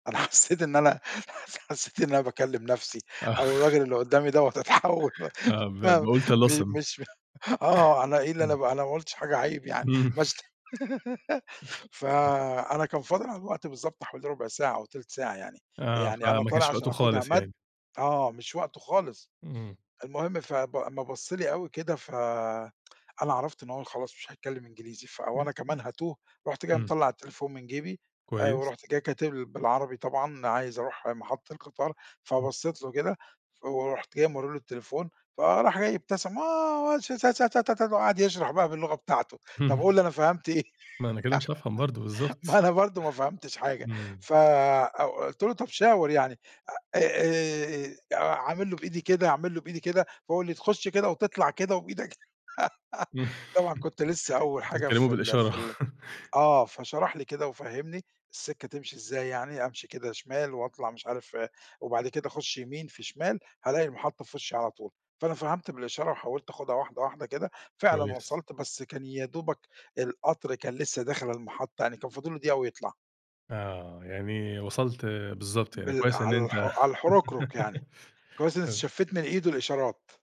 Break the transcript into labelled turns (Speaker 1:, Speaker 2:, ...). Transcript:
Speaker 1: أنا حسّيت إن أنا حّسيت إن أنا باكلّم نفسي،
Speaker 2: آه
Speaker 1: أو الراجل اللي قُدّامي دوّة أتحوّل والّا
Speaker 2: آه ب
Speaker 1: ما
Speaker 2: "باقول
Speaker 1: م
Speaker 2: طلاسم".
Speaker 1: مش آه أنا إيه اللي
Speaker 2: إمم.
Speaker 1: أنا أنا ما قُلتِش حاجة عيب يعني،
Speaker 2: إمم.
Speaker 1: ما شت
Speaker 2: [unintelligible]
Speaker 1: فأنا كان فاضل على الوقت بالضبط حوالي ربع ساعة أو تلت ساعة يعني،
Speaker 2: آه،
Speaker 1: يعني أنا
Speaker 2: فما
Speaker 1: طالع
Speaker 2: كانش
Speaker 1: علشان
Speaker 2: وقته
Speaker 1: أخدها
Speaker 2: خالص
Speaker 1: مد
Speaker 2: يعني.
Speaker 1: آه مش وقته خالص.
Speaker 2: إمم.
Speaker 1: المهم فب أمّا بَصّ لي أوي كده، ف أنا عرفت إن هو خلاص مش هيتكلم إنجليزي، فوأنا
Speaker 2: [unintelligible]
Speaker 1: كمان هاتوه، رُحت جاي
Speaker 2: إمم.
Speaker 1: مطلَّع التليفون من جيبي، آآ
Speaker 2: كويس.
Speaker 1: ورُحت جاي كاتب ل بالعربي طبعًا عايز أروح محطة القطار،
Speaker 2: إمم.
Speaker 1: فبصّيت له كده، ف ورُحت جاي مورّي له التليفون، فراح جاي ابتسم آه والش ت ت ت ت وقعد يشرح بقى باللغة بتاعته، َطب
Speaker 2: إمم.
Speaker 1: قُل لي أنا فهمت إيه؟
Speaker 2: "ما أنا كده مش هافهم برضه."
Speaker 1: ما
Speaker 2: بالضبط.
Speaker 1: أنا برضه ما فهمتش حاجة
Speaker 2: إمم.
Speaker 1: ف أ قُلت له طَب شاور يعني، أ أ أعمل له بإيدي كده، أعمل له بإيدي كده، فهو قال لي تخُش كده، وتطلع كده وبإيدك طبعًا كنت لسه أول حاجة
Speaker 2: بتتكلموا
Speaker 1: في ال
Speaker 2: بالإشارة.
Speaker 1: في ال آه فشرح لي كده، وفَهّمني السكة تمشي إزاي يعني، أمشي كده شمال وأطلع مش عارف وبعد كده أخُش يمين في شمال، هالاقي المحطة في وشّي على طول. فأنا فهمت بالإشارة، وحاولت آخُدها واحدة واحدة كده، فعلًا
Speaker 2: كويس.
Speaker 1: وصلت، بس كان يا دوبَك القطر كان لسه داخل المحطة، يعني كان فاضل له دقيقة ويطلع.
Speaker 2: آه، يعني وصلت
Speaker 1: أ
Speaker 2: بالضبط يعني.
Speaker 1: بال
Speaker 2: كويس إن أنت
Speaker 1: عالح على الحركرك يعني، كويس إن
Speaker 2: [unintelligible]
Speaker 1: استشفّيت من إيده الإشارات.